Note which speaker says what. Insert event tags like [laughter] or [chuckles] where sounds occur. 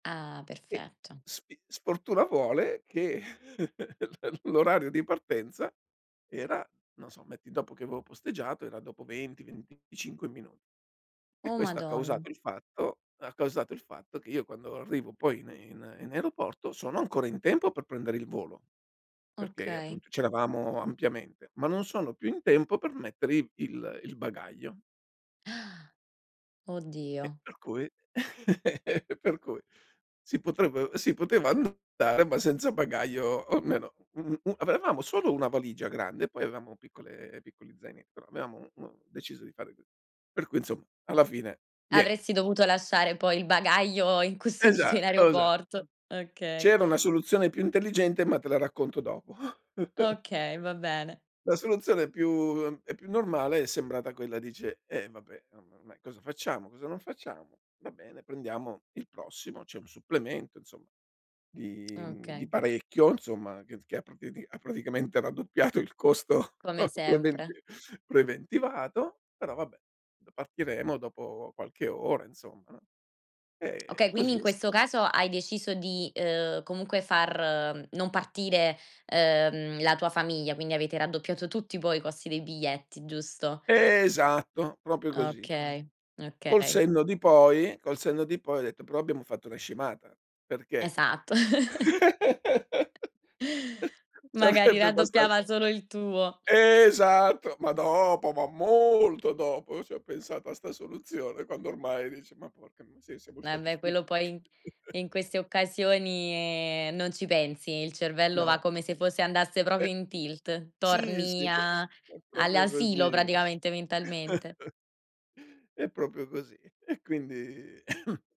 Speaker 1: Ah,
Speaker 2: E
Speaker 1: perfetto.
Speaker 2: sfi sfortuna vuole che [laughs] l l'orario di partenza era non so, metti dopo che avevo posteggiato, era dopo 20-25 minu e
Speaker 1: Oh,
Speaker 2: questo ha
Speaker 1: madonn
Speaker 2: causato il fatto ha causato il fatto che io quando arrivo poi in in in aeroporto, sono ancora in tempo per prendere il volo, perché,
Speaker 1: Okay.
Speaker 2: appunto, c'eravamo ampiamente, ma non sono più in tempo per mettere i il il bagaglio.
Speaker 1: [inhales]
Speaker 2: E
Speaker 1: Oddio.
Speaker 2: per cui
Speaker 1: M
Speaker 2: [laughs] e per cui si potrev si poteva andare, ma senza bagaglio o almeno u u avevamo solo una valigia grande, e poi avevamo piccole piccoli zaine però avevamo, mhmm, deciso di fare c per cui, insomma, alla fine niente.
Speaker 1: Avresti dovuto lasciare poi il bagaglio incustodito
Speaker 2: Esat
Speaker 1: in
Speaker 2: osa
Speaker 1: aeroporto. Okay.
Speaker 2: C'era una soluzione più intelligente, ma te la racconto dopo. [chuckles]
Speaker 1: Okay, va bene.
Speaker 2: La soluzione più uhm, e più normale è sembrata quella dice: "Eh, vabbè, oh, ma ormai cosa facciamo? Cosa non facciamo? Va bene, prendiamo il prossimo." C'è un supplemento, insomma,
Speaker 1: [tsk]
Speaker 2: di mhmm, di
Speaker 1: okay.
Speaker 2: parecchio, insomma, che t che ha pra priadi ha praticamente raddoppiato il costo
Speaker 1: Come
Speaker 2: preventi
Speaker 1: sempre.
Speaker 2: preventivato, però vabbè: "D partiremo dopo qualche ora insomma, no?" Ehm, e
Speaker 1: Okay, quindi,
Speaker 2: così
Speaker 1: in
Speaker 2: è sta
Speaker 1: questo caso hai deciso di, uhm, comunque far non partire, uhm, la tua famiglia, quindi avete raddoppiato tutti poi i costi dei biglietti, giusto?
Speaker 2: Esatto, proprio così.
Speaker 1: Okay,
Speaker 2: Col
Speaker 1: okay.
Speaker 2: senno di poi col senno di poi ho detto: "Però abbiamo fatto una scemata, perché,
Speaker 1: Esatto. [chuckles]
Speaker 2: [laughs]
Speaker 1: Magari
Speaker 2: sarebbe basta"
Speaker 1: raddoppiava solo il tuo.
Speaker 2: Esatto, ma dopo, ma molto dopo io ci ho pensato a sta soluzione, quando ormai dice: "Ma porca miseria siamo stati
Speaker 1: Vabbè, quello
Speaker 2: stupi"
Speaker 1: poi i in
Speaker 2: [chuckles]
Speaker 1: queste occasioni non ci pensi. Il cervello va
Speaker 2: No.
Speaker 1: come se fosse andasse
Speaker 2: E
Speaker 1: proprio in tilt.
Speaker 2: Sì,
Speaker 1: Torni
Speaker 2: sì, pro
Speaker 1: a
Speaker 2: è proprio
Speaker 1: all'asilo,
Speaker 2: così, vabbè.
Speaker 1: praticamente,
Speaker 2: [chuckles]
Speaker 1: mentalmente.
Speaker 2: È proprio così. E quindi [coughs]